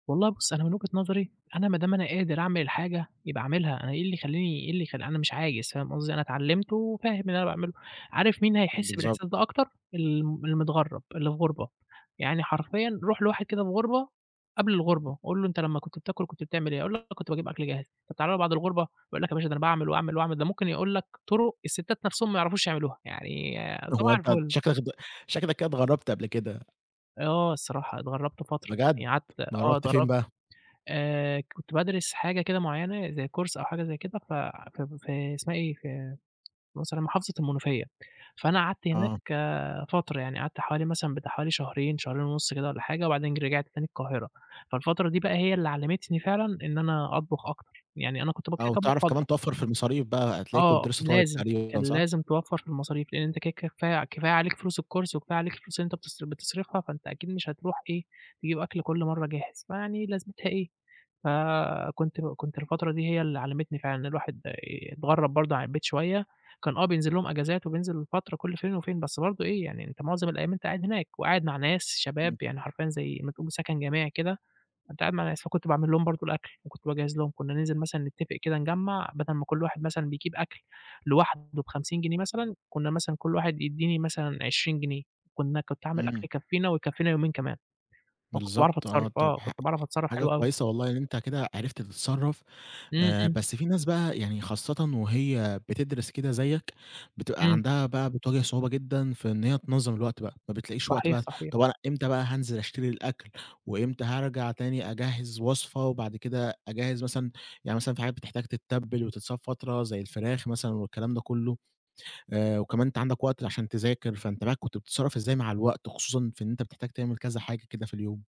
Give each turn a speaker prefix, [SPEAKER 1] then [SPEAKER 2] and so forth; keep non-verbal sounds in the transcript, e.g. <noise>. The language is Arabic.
[SPEAKER 1] والله بُصّ، أنا من وجهة نظري، أنا ما دام أنا قادر أعمل الحاجة يبقى أعملها، أنا إيه اللي يخلّيني إيه اللي يخ أنا مش عايز فاهم قصدي؟ أنا اتعلّمت وفاهم اللي أنا باعمله، عارف مين
[SPEAKER 2] امم،
[SPEAKER 1] هيحس
[SPEAKER 2] بالضبط.
[SPEAKER 1] بالإحساس ده أكتر؟ الم المتغرّب، اللي في غربة، يعني حرفيًا رُوح لواحد كده في غربة، قبل
[SPEAKER 2] امم.
[SPEAKER 1] الغربة، قُل له: "أنت لمّا كنت بتاكل كنت بتعمل إيه؟" هيقول لك: "كنت باجيب أكل جاهز." طَب تعالَ له بعد الغربة، يقول لك: "يا باشا ده أنا باعمل، وأعمل، وأعمل." ده ممكن يقول لك طرق الستات نَفْسُهم ما يعرفوش يعملوها، يعني
[SPEAKER 2] هو
[SPEAKER 1] صباح
[SPEAKER 2] أنت
[SPEAKER 1] الفُل.
[SPEAKER 2] شكلك اتغ شكلك كده اتغرّبت قبل كده.
[SPEAKER 1] آه الصراحة، اتغرّبت فترة،
[SPEAKER 2] بجد؟
[SPEAKER 1] يعني قعدت آه
[SPEAKER 2] اتغرّبت فين
[SPEAKER 1] اتغرّبت
[SPEAKER 2] بَقى؟
[SPEAKER 1] آآ كنت بادرس حاجة كده معيّنة، زي Course أو حاجة زي كده، ف في في اسمها إيه، في <unintelligible> محافظة المنوفية، فأنا قعدت هناك
[SPEAKER 2] آه.
[SPEAKER 1] آآ فترة يعني، قعدت حوالي مثلًا بتاع حوالي شهرين، شهرين ونُص كده والّا حاجة، وبعدين ج رجعت تاني القاهرة، فالفترة دي بَقى هي اللي علّمتني فعلًا إن أنا أطبخ أكتر، يعني أنا كنت
[SPEAKER 2] آه، وتعرف كمان
[SPEAKER 1] <unintelligible>
[SPEAKER 2] توفَّر في المصاريف بَقى، هتلاقيك
[SPEAKER 1] آه
[SPEAKER 2] كنت لسّة طالب
[SPEAKER 1] لازم، كان
[SPEAKER 2] تقريبًا صح؟
[SPEAKER 1] لازم توفَّر في المصاريف، لإن أنت كده كفاية كفاية عليك فلوس الCourse وكفاية عليك الفلوس اللي أنت بتص بتصرفها، فأنت أكيد مش هتروح إيه، تجيب أكل كلّ مَرّة جاهز، فيعني لازمتها إيه. فكنت كنت الفترة دي هي اللي علّمتني فعلًا إن الواحد آآ، اتغرّب برضه عن البيت شوية، كان آه بينزل لهم أجازات وبينزل فترة كلّ فين وفين، بس برضه إيه، يعني أنت معظم الأيام أنت قاعد هناك، وقاعد مع ناس شباب
[SPEAKER 2] إمم.
[SPEAKER 1] يعني حرفيًا زي ما تقول سكن جماعي كده، فأنت قاعد مع ناس فكنت باعمل لهم برضه الأكل، وكنت باجهّز لهم، كُنا ننزل مثلًا نتفق كده نِجَمَّع، بَدَل ما كلّ واحد مثلًا بيجيب أكل لوحده ب50 جنيه مثلًا، كُنا مثلًا كلّ واحد يدّيني مثلًا 20 جنيه، كُنا كنت أعمل أكل
[SPEAKER 2] إمم.
[SPEAKER 1] يكفينا، ويكفينا يومين كمان. فكنت باعرَف
[SPEAKER 2] بالضبط
[SPEAKER 1] أتصرّف،
[SPEAKER 2] آه، طَب
[SPEAKER 1] آه،
[SPEAKER 2] ح
[SPEAKER 1] كنت باعرَف أتصرّف
[SPEAKER 2] حاجة
[SPEAKER 1] حلو أوي.
[SPEAKER 2] كويسة والله، إن أنت كده عرفت تتصرّف.
[SPEAKER 1] إمم،
[SPEAKER 2] آآ
[SPEAKER 1] إمم.
[SPEAKER 2] بس في ناس بَقى يعني خاصةً وهي بتدرس كده زيك، بتبقى
[SPEAKER 1] إمم.
[SPEAKER 2] عندها بَقى بتواجه صعوبة جدًا في إن هي تنظّم الوقت بَقى، ما بتلاقيش وقت
[SPEAKER 1] صحيح،
[SPEAKER 2] بَقى،
[SPEAKER 1] صحيح.
[SPEAKER 2] طَب أنا إمتى بَقى هانزل أشتري الأكل، وإمتى هارجع تاني أجهِّز وصفة وبعد كده أجهِّز مثلًا، يعني مثلًا في حاجات بتحتاج تتَّبل وتتساب فترة زي الفراخ مثلًا والكلام ده كلّه، آآ وكمان أنت عندك وقت عشان تذاكر، فأنت بَقى كنت بتتصرّف إزاي مع الوقت، خصوصًا في إن أنت بتحتاج تعمل كذا حاجة كده في اليوم؟